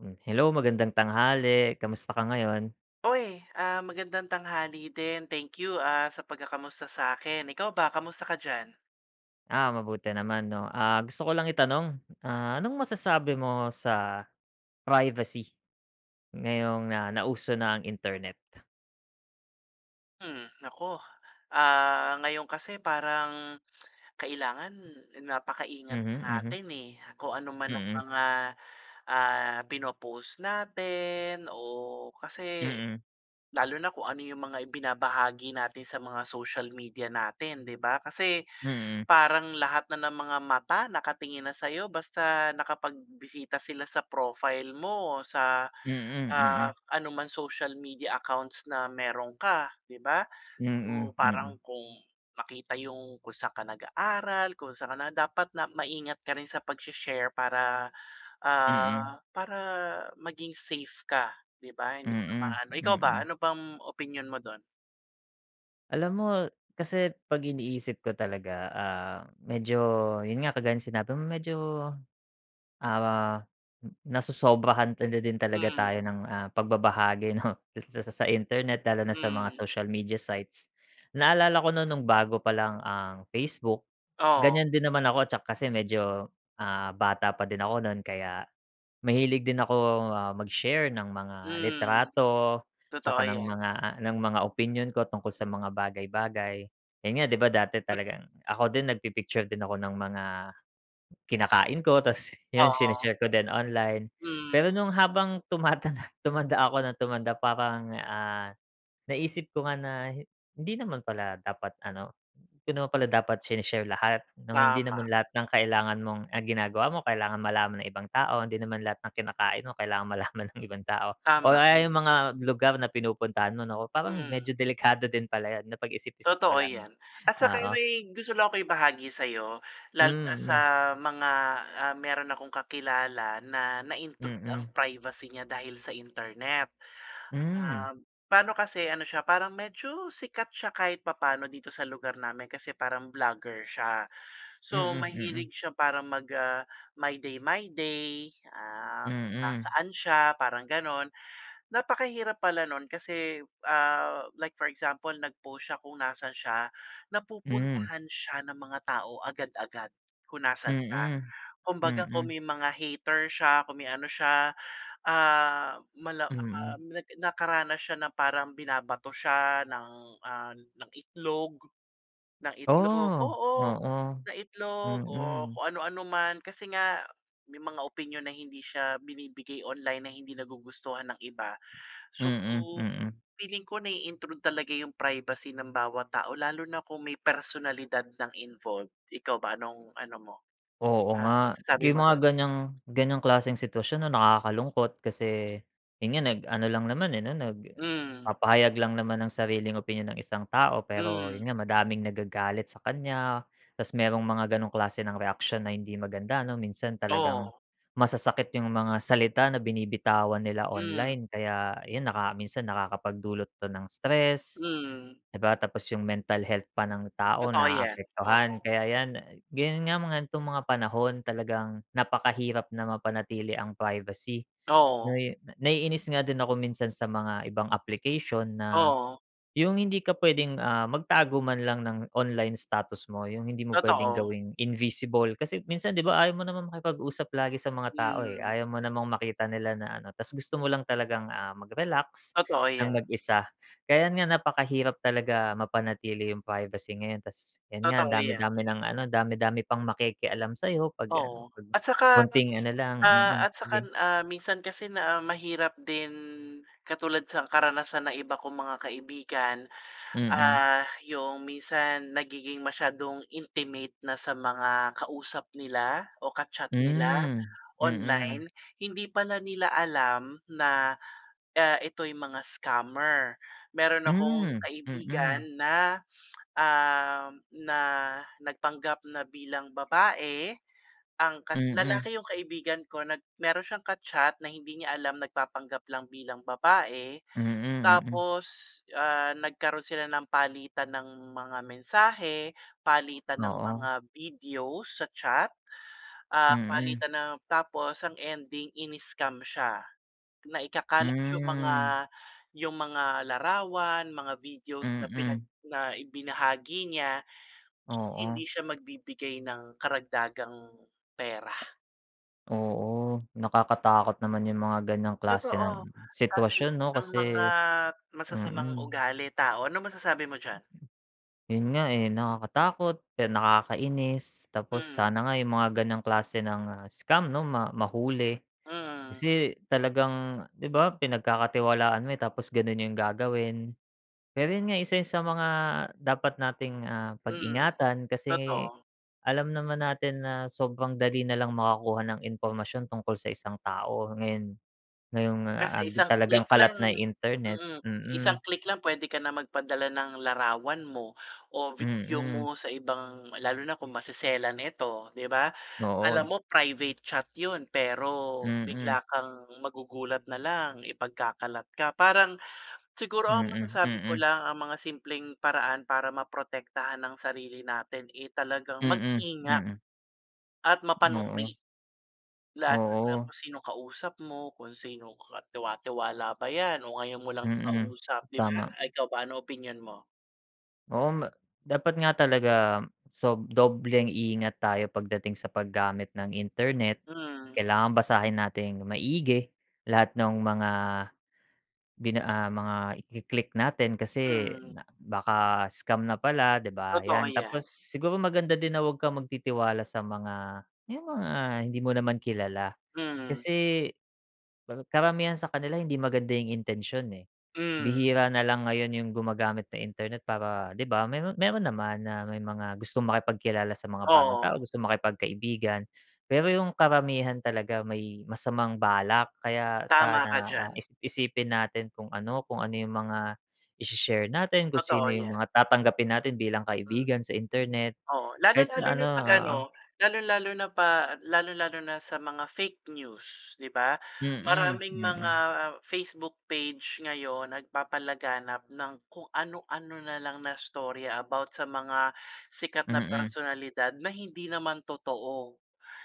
Hmm, hello, magandang tanghali. Kamusta ka ngayon? Uy! Ah, magandang tanghali din, thank you ah, sa pagkakamusta sa'kin. Ikaw ba kamusta ka diyan? Ah, mabuti naman, 'no. Ah, gusto ko lang itanong, ah, anong masasabi mo sa privacy? Ngayong na nauso na ang internet? Hmm, naku, ah, ngayon kasi parang kailangan napaka-ingat na Mhm, mhm. natin, eh, kung anuman ang Mm. mga, ah, pino-post natin o kasi, Mm. lalo na kung ano yung mga ibinabahagi natin sa mga social media natin, 'di ba? Kasi, Mm. parang lahat na ng mga mata nakatingin na sa'yo, basta nakapagbisita sila sa profile mo, sa, Mm, ah, mm. anumang social media accounts na meron ka, 'di ba? So, Mm. Mm. parang kung makita yung, kung saan ka nag-aaral, kung saan ka na, dapat na maingat ka rin sa pagshe-share para, Mm. ah, para maging safe ka, di ba? Hindi pa Mm. maano ikaw ba, Mm. ano bang, opinyon mo do'n? Alam mo kasi, 'pag iniisip ko talaga, ah, medyo yun nga kagaya ng sinabi mo medyo, ah, n nasosobrahan tala din talaga tayo Hmm. ng, ah, pagbabahagi, 'no? S s s sa, sa internet lalo na sa mga Hmm. social media sites. Naalala ko noon noong bago pa lang ang Facebook, Oh. ganyan din naman ako tsak kasi medyo, ah, bata pa din ako no'n kaya mahilig din akong, ah, mag-share ng mga Hmm, litrato tsaka totoo ng 'yan. mga ng mga opinyon ko tungkol sa mga bagay-bagay. Yun nga, 'di ba, dati Hmm. talagang ako din nagpi-picture din ako ng mga kinakain ko tas yun Oo. sine-share ko din online. Hmm. Pero nung habang tumatanda tumanda ako nang tumanda parang, ah, naisip ko nga na hi hindi naman pala dapat ano 'di naman pala dapat sine-share lahat nung hindi naman Tama. lahat ng kailangan mong ang ginagawa mo kailangan malaman ng ibang tao, hindi naman lahat ng kinakain mo kailangan malaman ng ibang tao or Tama, aya hmm. yung mga lugar na pinupuntahan mo, naku parang Hmm. medyo delikado din pala yan napag-isip-isip ko Totoo lang 'no, yan, at saka oo. may gusto lang akong ibahagi sa'yo, lalo Hmm, na sa hmm. mga, ah, meron akong kakilala na na-intrude ang Mm. privacy niya dahil sa internet. Hmm. Um, pa'no kasi ano siya parang medyo sikat siya kahit papaano dito sa lugar namin kasi parang vlogger siya. So, Mm, mahilig mm. siya parang mag, ah, mag-my day my day, ah, kung Mm. nasaan siya parang ganon. Napakahirap pala nun kasi, ah, like for example nag-post siya kung nasaan siya. Mm. Napupuntahan siya ng mga tao agad-agad kung nasaan siya. Mm, Kumbaga kung mm. may mga hater siya, kung may ano siya, ah, malam um, Mm. nagka nakaranas siya na parang binabato siya ng, ah, ng itlog ng itlog, Oh, oo, oo. ng itlog o Mm. kung ano-ano man. Kasi nga may mga opinyon na hindi siya binibigay online na hindi nagugustuhan ng iba. So, Mm, mm. feeling ko nai-intrude talaga yung privacy ng bawat tao lalo na kung may personalidad ng involved. Ikaw ba anong ano mo, Oo ah, nga, masasabi yung mo mga dun? ganyang ganyang klaseng sitwasyon ano nakakalungkot. Kasi yun nga nag-ano lang naman, eh, no? Hmm. Nagpapahayag lang naman ng sariling opinyon ang isang tao. Pero Hmm. yun nga madaming nagagalit sa kanya, tas merong mga ganong klase ng reaksyon na hindi maganda ano minsan talagang Oo. masasakit yung mga salita na binibitawan nila Hmm. online. Kaya yun naka minsan nakakapagdulot 'to ng stress, Hmm. 'di ba? Tapos yung mental health pa ng tao Totoo 'yan, naapektuhan. oo. Kaya yan, eh, ganon nga-mga itong mga panahon talagang napakahirap na mapanatili ang privacy. Oo. Nai naiinis nga din ako minsan sa mga ibang application na Oo. yung hindi ka puwedeng, ah, magtago man lang ng online status mo yung hindi mo puwedeng Totoo. gawing invisible kasi minsan, 'di ba, ayaw mo namang makipag-usap lagi sa mga tao, eh. Mm. Ayaw mo namang makita nila na ano. Ta's gusto mo lang talagang, ah, mag-relax Totoo ng 'yan. mag-isa. Kaya nga napakahirap talaga mapanatili yung privacy ngayon. Ta's yun nga ang Totoo 'yan. dami-dami ng ano, dami-dami pang makikialam sa'yo pag ano, Oo, 'pag at saka. konting ano lang mm, Ah, at ge saka, ah, minsan kasi na mahirap din katulad sa karanasan ng iba kong mga kaibigan. Mm. Ah, yung minsan nagiging masyadong intimate na sa mga kausap nila o ka-chat nila Hmm, mm, hmm. online. Hindi pala nila alam na, ah, ito'y mga scammer. Meron akong Hmm, mm. kaibigan na, ah, na nagpanggap na bilang babae ang kat Mm. lalaki yung kaibigan ko nag meron siyang ka-chat na hindi niya alam nagpapanggap lang bilang babae. Mm, mm. Tapos, ah, nagkaroon sila ng palitan ng mga mensahe, palitan ng mga Oo. videos sa chat, ah, Mm. palitan ng tapos ang ending iniscam siya na ikakalat yung mga Hmm. yung mga larawan, mga videos na pinag Mm. na ibinahagi niya.' Kung Oo. hindi siya magbibigay ng karagdagang pera. Oo, nakakatakot naman yung mga ganyang klase Totoo, ng kasi sitwasyon, 'no? ang Kasi mga masasamang mm. ugali, tao, anong masasabi mo diyan? Yun nga, eh, nakakatakot, pero nakakainis tapos Mm. sana nga yung mga ganyang klase ng, ah, scam, 'no? Ma mahuli. Mm. Kasi talagang, di ba, pinagkakatiwalaan mo, eh. Tapos ganun yung gagawin. Pero yun nga, eh, isa yan sa mga dapat nating, ah, Mm, pag-ingatan. Kasi totoo. alam naman natin na sobrang dali na lang makakuha ng impormasyon tungkol sa isang tao ngayon. Ngayong, ah, Kasi ag isang talagang click kalat lang na internet, mm, mm. isang click lang, pwede ka nang magpadala ng larawan mo o video Mm. mo sa ibang lalo na kung maseselan ito, di ba? Alam Noon. mo, private chat ’yon. Pero Mm. bigla kang magugulat na lang, ipagkakalat ka. Parang siguro ang Mm, masasabi ko mm. lang ang mga simpleng paraan para maprotektahan ang sarili natin, eh, talagang Mm, mag-ingat mm. at Oo. mapanuri. Lalo na Oo. kung sino kausap mo, kung sino katiwa-tiwala ba 'yan o ngayon mo lang Mm, kausap, di ba? tama. Eh, ikaw ba, anong opinyon mo? Oo nga. Dapat nga talaga, sob dobleng ingat tayo pagdating sa paggamit ng internet, Mm. kailangan basahin nating maigi, lahat no'ng mga, bina ah, mga iki-click natin kasi, Mm. na baka scam na pala, 'di ba? Totoo Yan, yan. tapos siguro maganda din na, huwag kang magtitiwala sa mga, yung mga, hindi mo naman kilala, Mm. kasi kar karamihan sa kanila hindi maganda yung intensyon eh. Mm. Bihira na lang ngayon yung gumagamit ng internet, para, 'di ba, meron meron naman na, may mga gustong makipagkilala sa mga bagong tao, Oo. gusto makipagkaibigan. Pero yung karamihan talaga may masamang balak, kaya Tama sana, ka ah, diyan. isip-isipin natin kung ano, kung ano yung mga isi-share natin, kung sino Totoo yung yan. mga tatanggapin natin bilang Hmm. kaibigan sa internet, Oo, lalo kahit lalo sa na ano 'pag oo. ano, lalong-lalo na pa lalong-lalo na sa mga fake news, 'di ba? Mm, Maraming mga mm. Facebook page ngayon, nagpapalaganap ng kung ano-ano na lang na istorya, about sa mga sikat na Mm. personalidad, na hindi naman totoo.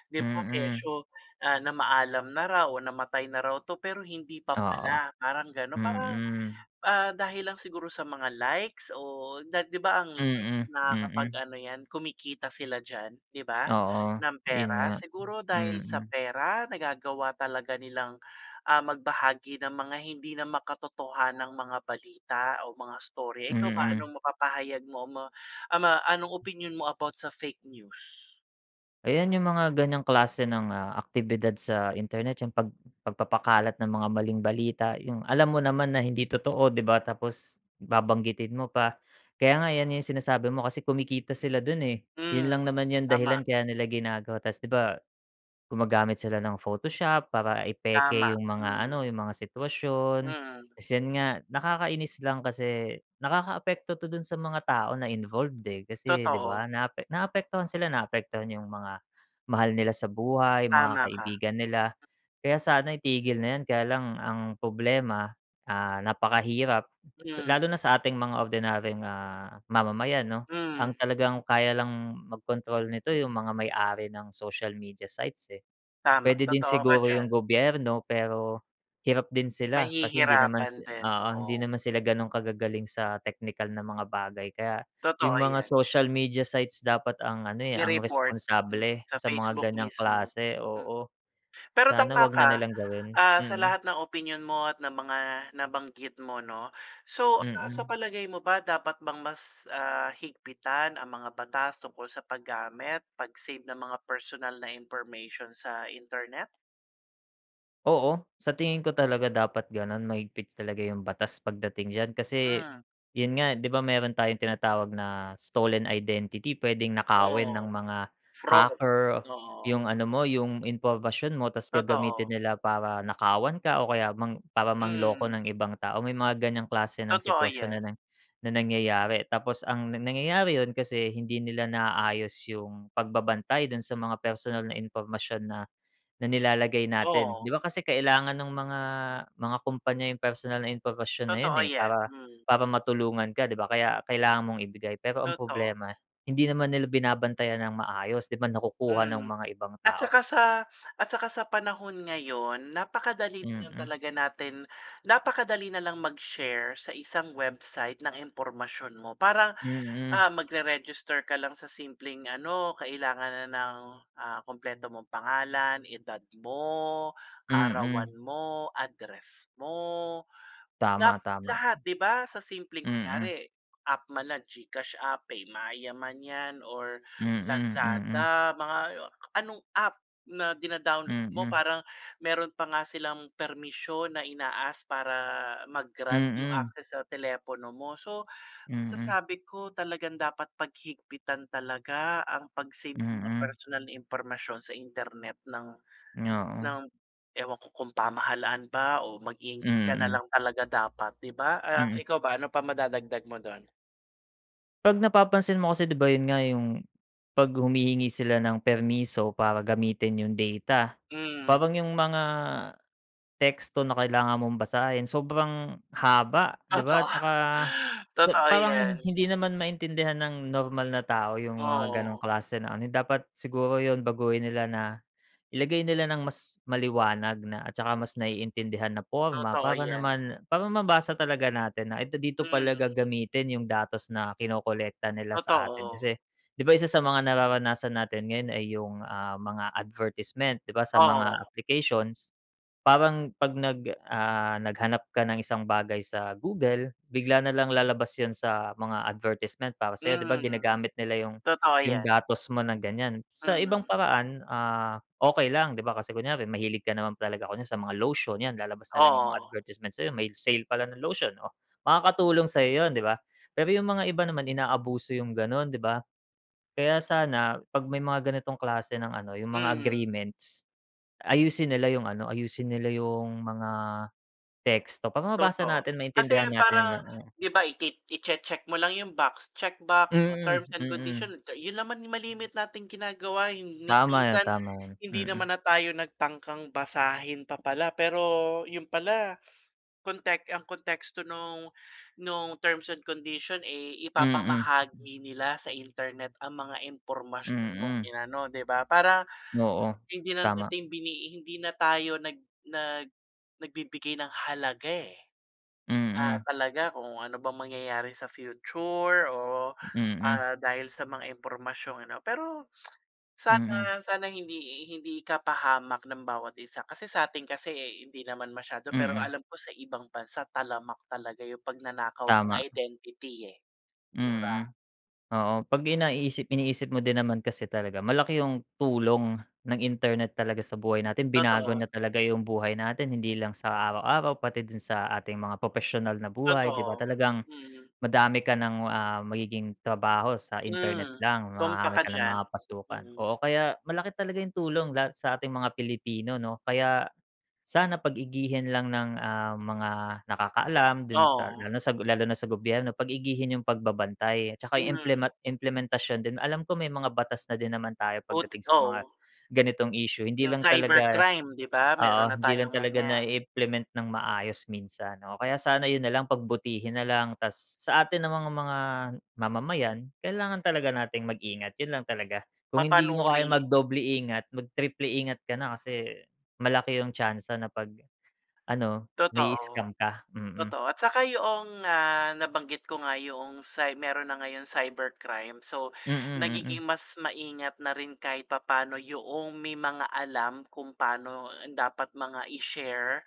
'Di ba, Mm. kesyo, ah, namaalam na raw o namatay na raw 'to, pero hindi pa Oo, pala, parang gano'n, parang, mm. ah, dahil lang siguro sa mga likes o na 'di ba, ang Mm, likes nakakapag mm. ano yan, kumikita sila diyan, 'di ba, Oo, ng 'yon pera. nga, Siguro dahil sa mm. pera, nagagawa talaga nilang, ah, magbahagi ng mga hindi na makatotohanang mga balita o mga istorya, ikaw ba, Mm. anong mapapahayag mo mo, ah, ma anong opinyon mo about sa fake news? Ayan, Mm. yung mga ganiyang klase ng, ah, aktibidad sa internet yung pag pagpapakalat ng mga maling balita, yung, alam mo naman na hindi totoo, 'di ba, tapos babanggitin mo pa. Kaya nga, yan yung sinasabi mo, kasi kumikita sila do'n eh, 'yon Hmm. lang naman yung dahilan, Tama. kaya nila ginagawa, tas, 'di ba, gumagamit sila ng Photoshop para i-peke Tama, yung mga hmm. ano, yung mga sitwasyon. Mm. Tas, yan nga, nakakainis lang kasi nakakaapekto 'to do'n sa mga tao na involved eh, kasi, 'di ba? Totoo. Naapek naapektuhan sila, naapektuhan yung mga mahal nila sa buhay, yung mga Tama ka. kaibigan nila, kaya sana itigil na yan. Kaya lang, ang problema, ah, napakahirap sa Hmm. lalo na sa ating mga ordinaryong, ah, mamamayan 'no, Hmm. ang talagang, kaya lang magkontrol nito yung mga may-ari ng social media sites, eh. Tama, Puwede din totoo ka siguro diyan. yung gobyerno pero, hirap din sila kasi hindi naman Mahihirapan si din, oo, hindi oo. naman sila gano'n kagagaling sa teknikal na mga bagay, kaya yung Totoo mga yan. social media sites dapat ang ano eh, ang I-report, mm, responsable sa sa mga Facebook ganyang mismo. klase Hmm. oo, Pero sana tama huwag na ka, nilang gawin, ah, sa mm. lahat ng opinyon mo, at ng mga nabanggit mo, 'no? So, ah, sa Mm. palagay mo ba dapat bang mas, ah, higpitan ang mga batas tungkol sa paggamit, pag-save ng mga personal na information sa internet? Oo, sa tingin ko talaga dapat gano'n mahigpit talaga yung batas pagdating d'yan kasi, Ah. 'yun nga 'di ba mayro'n tayong tinatawag na stolen identity, puwedeng nakawin ng Oo. mga Fraud, hacker, oo. yung ano mo yung impormasyon mo ta's gagamitin Totoo. nila para nakawan ka o kaya mang para manloko Mm. ng ibang tao may mga ganyang klase ng Totoo sitwasyon na 'yan. na na nangyayari tapos ang nangyayari 'yun kasi hindi nila naaayos yung pagbabantay do'n sa mga personal na impormasyon na, na nilalagay natin. 'Di Oo. ba kasi kailangan ng mga, mga kumpanya yung personal na impormasyon na 'yun, Totoo eh, 'yan, para mm. para matulungan ka 'di ba, kaya kailangan mong ibigay pero ang Totoo. problema hindi naman nila binabantayan ng maayos 'di ba, nakukuha ng Hmm. mga ibang At tao. saka sa, at saka sa panahon ngayon napakadali na lang Mm. talaga natin napakadali na lang mag-share sa isang website ng impormasyon mo, parang, Mm. ah, magre-register ka lang sa simpleng ano kailangan na ng, ah, kumpleto mong pangalan, edad mo, kaarawan Mm. mo, address mo. Tama, Lat tama. lahat 'di ba, sa simpleng Mm. kunyari, app man na GCash app, eh, PayMaya man 'yan or Mm, mm. Lazada, mga anong app na dina-download mo Mm. parang mayro'n pa nga silang permisyon na ina-ask para mag-grant yung Mm. access sa telepono mo so, Mm. masasabi ko talagang dapat paghigpitan talaga ang 'pag-save ng mga Mm. personal na impormasyon sa internet ng Oo. ng ewan ko kung pamahalaan ba o mag-ingat ka na Mm. lang talaga dapat 'di ba. Ah, Mm. ikaw ba, ano pa madadagdag mo do'n? 'Pag napapansin mo kasi 'di ba 'yun nga 'yung, 'pag humihingi sila ng permiso para gamitin 'yung data, Hmm. parang 'yung mga teksto na kailangan mong basahin sobrang haba 'di ba, Totoo. tsaka sa Totoo parang 'yan. hindi naman maintindihan ng normal na tao 'yung mga gano'ng Oo. klase na ano, dapat siguro 'yun baguhin nila na, ilagay nila ng mas maliwanag na at saka mas naiintindihan na porma Totoo para 'yan. naman para mabasa talaga natin na ito dito pala Mm. gagamitin 'yung datos na kinokolekta nila sa atin. Totoo. Kasi, 'di ba isa sa mga nararanasan natin ngayon ay 'yung, ah, mga advertisement, 'di ba, sa mga Oo. applications. Parang 'pag nag, ah, naghanap ka ng isang bagay sa Google, bigla na lang lalabas 'yun sa mga advertisement para sa'yo 'di ba, Mhm. ginagamit nila 'yung Totoo 'yung 'yan. datos mo ng ganiyan. Sa ibang Mm. paraan, ah, okey lang, 'di ba, kasi kunyari mahilig ka naman talaga kunyari sa mga lotion 'yan lalabas na lang 'yung mga Oo. advertisement sa'yo may sale pala ng lotion, oh, makakatulong sa'yo 'yun 'di ba? Pero 'yung mga iba naman inaabuso 'yung gano'n 'di ba. Kaya sana pag may mga ganitong klase ng ano 'yung mga Mm. agreements, ayusin nila 'yung ano, ayusin nila 'yung mga, teksto para mabasa Totoo, natin, kasi maintindihan natin parang 'yung mga 'di ba, ikit i-che-check mo lang 'yung box, check box o Mm, terms and mm. condition, 'yun naman 'yung malimit nating ginagawa 'yung ni Tama 'yan, minsan tama 'yan, hindi mm. naman na tayo nagtangkang basahin pa pala pero 'yun pala, kontek ang konteksto nung nung terms and condition, eh, Mm. ipapamahagi nila sa internet ang mga impormasyon mong Mm. inano, 'di ba, para, Oo, hindi na tama. nating bini i hindi na tayo nag nag nagbibigay ng halaga, eh. Ah, Mm. talaga kung ano bang mangyayari sa future o, Mm. ah, dahil sa mga impormasyong ano pero Mm. sana sana hindi hindi ka pahamak ng bawat isa. Kasi sa'tin kasi hindi naman masyado, pero Mm. alam ko sa ibang bansa talamak talaga 'yung pagnanakaw ng Tama. identity, eh. 'Di Mm. ba? Oo, pag 'yan, naiisip iniisip mo din naman kasi talaga, malaki ,yung tulong ng internet talaga sa buhay natin, binago niya Totoo. talaga 'yung buhay natin, hindi lang sa araw-araw, pati din sa ating mga propesyonal na buhay 'di ba? Totoo, Talagang, mm. madami ka ng, ah, magiging trabaho sa internet Hmm. lang, Tumpak marami ka ka ng diyan, mga pasukan. mm. Oo, kaya malaki talaga 'yung tulong lahat sa ating mga Pilipino 'no, kaya, sana pag-igihin lang ng, ah, mga nakakaalam do'n sa Oo. lalo lalo na sa gobyerno pag-igihin 'yung pagbabantay, at saka 'yung Hmm. implema implementasyon din. Alam ko, may mga batas na din naman tayo Buti't pagdating sa mga oo. ganitong isyu hindi 'Yung lang talaga, cybercrime 'di ba, meron oo, na hindi lang tayong talaga na ganiyan. i-implement ng maayos minsan. Oo, kaya sana 'yun na lang pagbutihin na lang, tas sa atin namang mga mamamayan, kailangan talaga natin mag-ingat 'yun lang talaga. Kung hindi mo kayang Mapanuri. mag-doble ingat, mag triple ingat ka na kasi, malaki 'yung tsansa na pag ano Totoo. mai-scam ka, mm. Totoo at saka 'yong nga nabanggit ko nga 'yong cy meron na ngayong cybercrime, so Mm, nagiging mm. mas maingat na rin kahit papa'no 'yong may mga alam kung pa'no dapat mga i-share,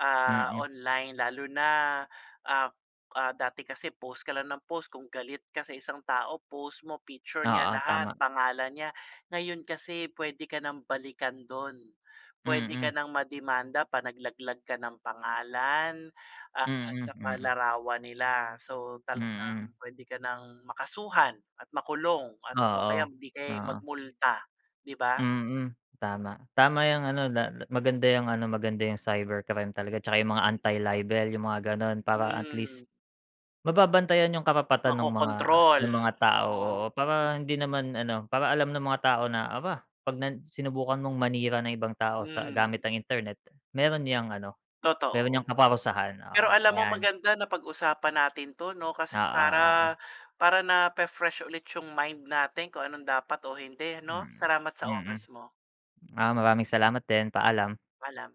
ah, Mm. online lalo na, ah ah, dati kasi post ka lang nang post, kung galit ka sa isang tao post mo, picture niya Oo, lahat, tama. pangalan niya. Ngayon kasi puwede ka ng balikan do'n, puwede ka Mm. ng ma-demanda pag naglaglag ka ng pangalan at Mm, saka mm. larawan nila. So Mm. talagang puwede ka ng makasuhan at makulong at o kaya Oo, hindi kaya'y mag oo. multa, 'di ba? Mm, tama. Tama 'yung ano na maganda 'yung ano, maganda 'yung cybercrime talaga tsaka 'yung mga anti-libel 'yung mga gano'n para at Hmm. least mababantayan 'yung karapatan no'ng mga Makokontrol, ng mga tao, oo. oo, para hindi naman ano, para alam ng mga tao na, aba pag nan sinubukan mong manira ng ibang tao sa gamit Hmm. ng internet meron niyang ano, meron Totoo. niyang kaparusahan. Oo, Pero alam mo ayan. maganda napag-usapan natin 'to 'no, kasi Oo, oo. para para nafe-fresh ulit 'yung mind natin kung anong dapat o hindi 'no, Mm, salamat sa mm. oras mo. Ah, maraming salamat din, paalam. Paalam.